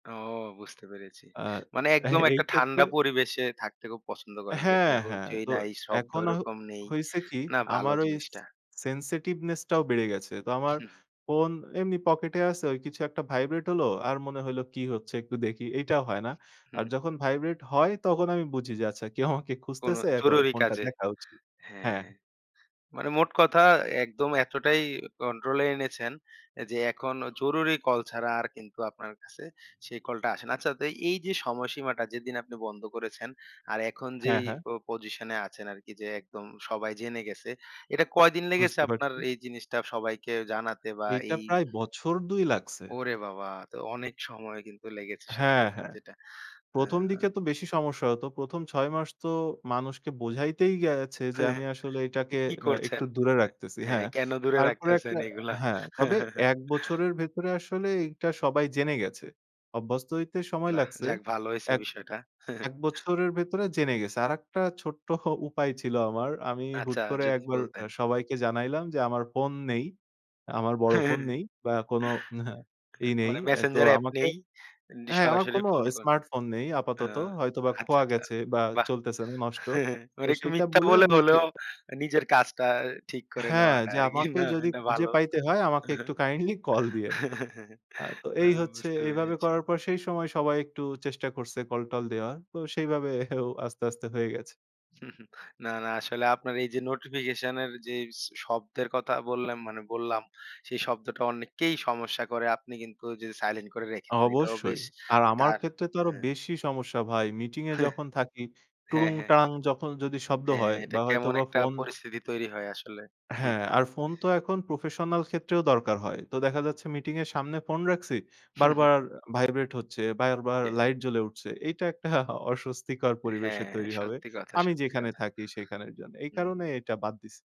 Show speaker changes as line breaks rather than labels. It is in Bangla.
ও বুঝতে পেরেছি।
আ
মানে
এহ
একদম
এই
একটা
ক্ষেত্রে।
ঠান্ডা পরিবেশে থাকতে খুব পছন্দ করেন।
হ্যাঁ,
যেখানে
হ্যাঁ
হইচই
তো
নাই, শব্দ
এখন হ
ওরকম নেই।
হইছে কি
না ভালো
আমার ওই
জিনিসটা।
sensitiveness টাও বেড়ে গেছে। তো আমার
হুহ।
ফোন এমনি পকেটে আছে ওই কিছু একটা ভাইব্রেট হলো। আর মনে হইলো কি হচ্ছে একটু দেখি। এইটাও হয় না।
হু,
আর
হু।
যখন ভাইব্রেট হয় তখন আমি বুঝি যে আচ্ছা কেউ আমাকে
কোন
খুঁজতেছে এখন
জরুরি
ফোনটা
কাজে।
দেখা উচিত। হ্যাঁ।
হ্যাঁ। মানে মোট কথা একদম এতটাই কন্ট্রোলে এনেছেন যে এখন জরুরি কল ছাড়া আর কিন্তু আপনার কাছে সেই কলটা আসে না। আচ্ছা তো এই যে সময়সীমাটা যেদিন আপনি বন্ধ করেছেন আর এখন
হ্যাঁ,
যেই
হ্যাঁ।
প পজিশনে আছেন আরকি যে একদম সবাই জেনে গেছে। এটা কয়দিন লেগেছে
বুঝতে
আপনার
পারছি।
এই জিনিসটা সবাইকে জানাতে বা
এইটা
এই
প্রায় বছর ২ লাগছে।
ওরে বাবা! তো অনেক সময় কিন্তু লেগেছে সত্যি
হ্যাঁ,
কথা
হ্যাঁ।
যেটা। আ
১ম, দিকে তো বেশি সমস্যা হত। ১ম, ৬ মাস তো মানুষকে বোঝাইতেই গেছে যে আমি আসলে এটাকে
কি
আ একটু
করছেন?
দূরে
হ্যাঁ,
রাখতেছি।
হ্যাঁ,
হ্যাঁ।
কেন দূরে
তারপরে
রাখতেছেন
একটা
এইগুলা?
হ্যাঁ, তবে ১ বছরের ভেতরে আসলে এইটা সবাই জেনে গেছে। অভ্যস্ত হইতে সময়
নাহ,
লাগছে।
যাক ভালো হইছে
এক
বিষয়টা।
এক বছরের ভেতরে জেনে গেছে। আরেকটা ছোট্ট উপায় ছিল আমার। আমি হুট
আচ্ছা,
করে
যদি
একবার
বলতেন।
অ্যা সবাইকে জানাইলাম যে আমার ফোন নেই। আমার বড় ফোন নেই বা কোনো ই নেই।
মানে
অ্যা তো
Messenger এ্যাপ
আমাকে
নেই। এমনি
অ্যা হ্যাঁ, আমার
সরাসরি
কোন
ফোন কর।
স্মার্ট ফোন নেই
আ
আপাতত। হয়তোবা
আচ্ছা,
খোয়া
আচ্ছা,
গেছে বা
বাহ!
চলতেছে না নষ্ট। তো
মানে একটু
সেইটা
মিথ্যা
বলে আমি
বলে
বলছি
হলেও নিজের কাজটা ঠিক করে
হ্যাঁ,
নেওয়াটা
যে
আরকি।
আমাকে
না
যদি
এটা
খুঁজে
ভালো।
পাইতে হয় আমাকে একটু কাইন্ডলি কল দিয়েন। আ তো
না
এই হচ্ছে
বুঝতে
এইভাবে
পেরেছি।
করার পর সেই সময় সবাই একটু চেষ্টা করছে কল-টল দেওয়ার। তো সেই ভাবও আস্তে, আস্তে হয়ে গেছে।
না, না আসলে আপনার এই যে নোটিফিকেশন এর যে শব্দের কথা বললেম মানে বললাম সেই শব্দটা অনেককেই সমস্যা করে। আপনি কিন্তু যে সাইলেন্ট করে রেখে দেন। এটাও
অবশ্যই।
বেশ
আর আমার
ধার
ক্ষেত্রে তো আরো
হ্যাঁ।
বেশি সমস্যা ভাই মিটিং এ
হেহ,
যখন থাকি
হ্যাঁ,
টুড়ুং
হ্যাঁ।
টাং যখন যদি শব্দ
হ্যাঁ।
হয়
এটা
বা হয়তো
কেমন
বা
একটা
ফোন
পরিস্থিতি তৈরি হয় আসলে।
হ্যাঁ,
ঠিকই।
আর ফোন তো এখন প্রফেশনাল ক্ষেত্রেও দরকার হয়। তো দেখা যাচ্ছে মিটিং এর সামনে ফোন রাখছি। বারবার ভাইব্রেট হচ্ছে, বারবার
ইয়ে।
লাইট জ্বলে উঠছে। এইটা একটা অস্বস্তিকর
অ্যা
পরিবেশের
হ্যাঁ,
তৈরি হবে।
সত্যি কথা,
আমি
সত্যি
যেখানে
কথা।
থাকি সেখানের জন্যে। এই
হুম।
কারণে এটা বাদ দিছি।